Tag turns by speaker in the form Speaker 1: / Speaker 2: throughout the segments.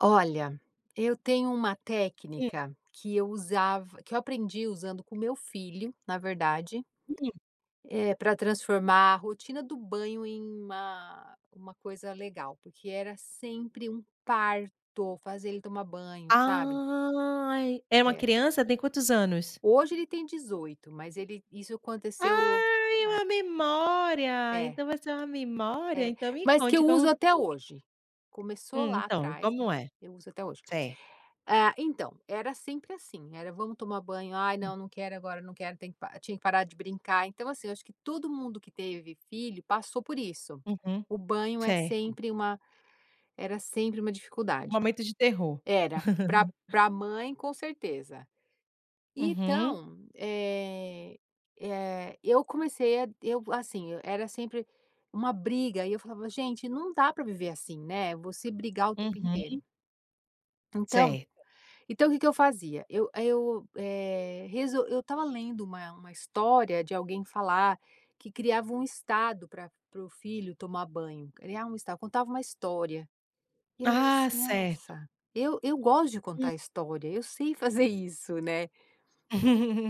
Speaker 1: Olha, eu tenho uma
Speaker 2: Hum.
Speaker 1: técnica que eu usava que eu aprendi usando com meu filho, na verdade,
Speaker 2: Uhum.
Speaker 1: eh, para transformar a rotina do banho em uma uma coisa legal porque era sempre um parto, fazer ele tomar banho, sabe?
Speaker 2: Ai. É uma
Speaker 1: Era.
Speaker 2: criança, tem quantos anos?
Speaker 1: Hoje ele tem 18 mas ele isso aconteceu
Speaker 2: Ai é
Speaker 1: é.
Speaker 2: uma memória,
Speaker 1: É.
Speaker 2: então você é uma memória,
Speaker 1: É,
Speaker 2: então me
Speaker 1: mas que
Speaker 2: conte
Speaker 1: eu uso
Speaker 2: como
Speaker 1: até
Speaker 2: foi.
Speaker 1: hoje, começou lá
Speaker 2: Então,
Speaker 1: atrás, mas
Speaker 2: como é?
Speaker 1: eu uso até hoje.
Speaker 2: Certo.
Speaker 1: Ah, então, era sempre assim, era: "Vamos tomar banho, ai
Speaker 2: Hum.
Speaker 1: não, não quero agora, não quero, tenho que" tinha que parar de brincar, então assim eu acho que todo mundo que teve filho, passou por isso.
Speaker 2: Uhum.
Speaker 1: O banho é
Speaker 2: Certo.
Speaker 1: sempre uma era sempre uma dificuldade.
Speaker 2: Momento de terror.
Speaker 1: Era, para para mãe com certeza.
Speaker 2: Uhum.
Speaker 1: Então, eh eh, eu comecei a eu assim, era sempre uma briga e eu falava: "Gente, não dá para viver assim, né", você brigar o tempo inteiro.
Speaker 2: Uhum
Speaker 1: Então
Speaker 2: Certo.
Speaker 1: então o que que eu fazia? Eu, eh eu, eh, eu estava lendo uma uma história de alguém falar, que criava um estado para para o filho tomar banho, criava um estado, contava uma história. E eu lembro
Speaker 2: Ah,
Speaker 1: assim,
Speaker 2: certo.
Speaker 1: nossa, eu eu gosto de
Speaker 2: Hum.
Speaker 1: contar história, eu sei fazer isso, né.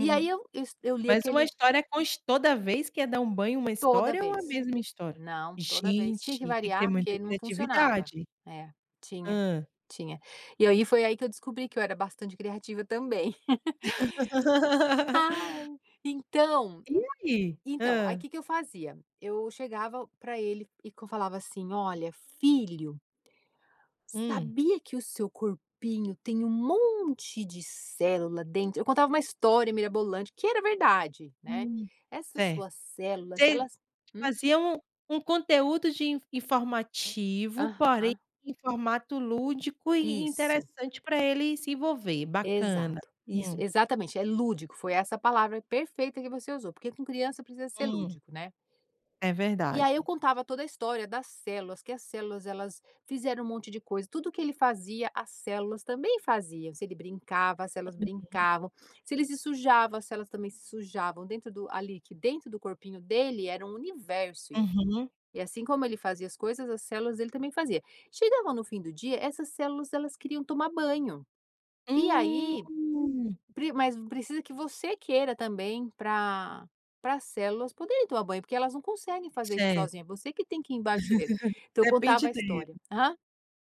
Speaker 1: E aí eu s, eu li
Speaker 2: Mas uma
Speaker 1: aquele
Speaker 2: história, oxe, toda vez que é dar um banho uma
Speaker 1: Toda
Speaker 2: história ou a
Speaker 1: vez.
Speaker 2: mesma história?
Speaker 1: Não, toda vez, tinha que
Speaker 2: Gente, tem que ter
Speaker 1: variar
Speaker 2: muita
Speaker 1: porque não funcionava.
Speaker 2: criatividade.
Speaker 1: É, tinha,
Speaker 2: Hã.
Speaker 1: tinha. E aí foi aí, que eu descobri que eu era bastante criativa também. Ai, então
Speaker 2: E ai?
Speaker 1: então aí
Speaker 2: Hã.
Speaker 1: que que eu fazia? Eu chegava para ele e que eu falava assim: "Olha filho"...
Speaker 2: Hum.
Speaker 1: "sabia que o seu corpinho tem um monte de célula dentro?". Eu contava uma história mirabolante que era verdade, né.
Speaker 2: Hum.
Speaker 1: Essas
Speaker 2: Certo.
Speaker 1: suas células
Speaker 2: Você
Speaker 1: elas, hum?
Speaker 2: fazia um um conteúdo de informativo, porém
Speaker 1: Aham.
Speaker 2: em formato lúdico e
Speaker 1: Isso.
Speaker 2: interessante para ele se envolver, bacana
Speaker 1: Exato, isso
Speaker 2: hum.
Speaker 1: exatamente é lúdico foi essa palavra perfeita que você usou, porque com criança precisa ser
Speaker 2: Hum.
Speaker 1: lúdico, né.
Speaker 2: É
Speaker 1: E aí eu
Speaker 2: verdade.
Speaker 1: contava toda a história das células, que as células elas fizeram um monte de coisa, tudo que ele fazia as células também faziam, se ele brincava, as células
Speaker 2: [unintelligible]
Speaker 1: brincavam, se ele se sujava as células também se sujavam, dentro do ali que dentro do corpinho dele era um universo e,
Speaker 2: Uhum.
Speaker 1: e assim como ele fazia as coisas as células dele também fazia. Chegava no fim do dia essas células elas queriam tomar banho. E aí,
Speaker 2: Hum.
Speaker 1: mas precisa que você queira também para para as células poderem tomar banho porque elas não conseguem fazer isso
Speaker 2: Certo.
Speaker 1: sozinha, você que tem que ir embaixo do chuveiro. Então eu contava
Speaker 2: Depende
Speaker 1: a
Speaker 2: dele.
Speaker 1: história, aham.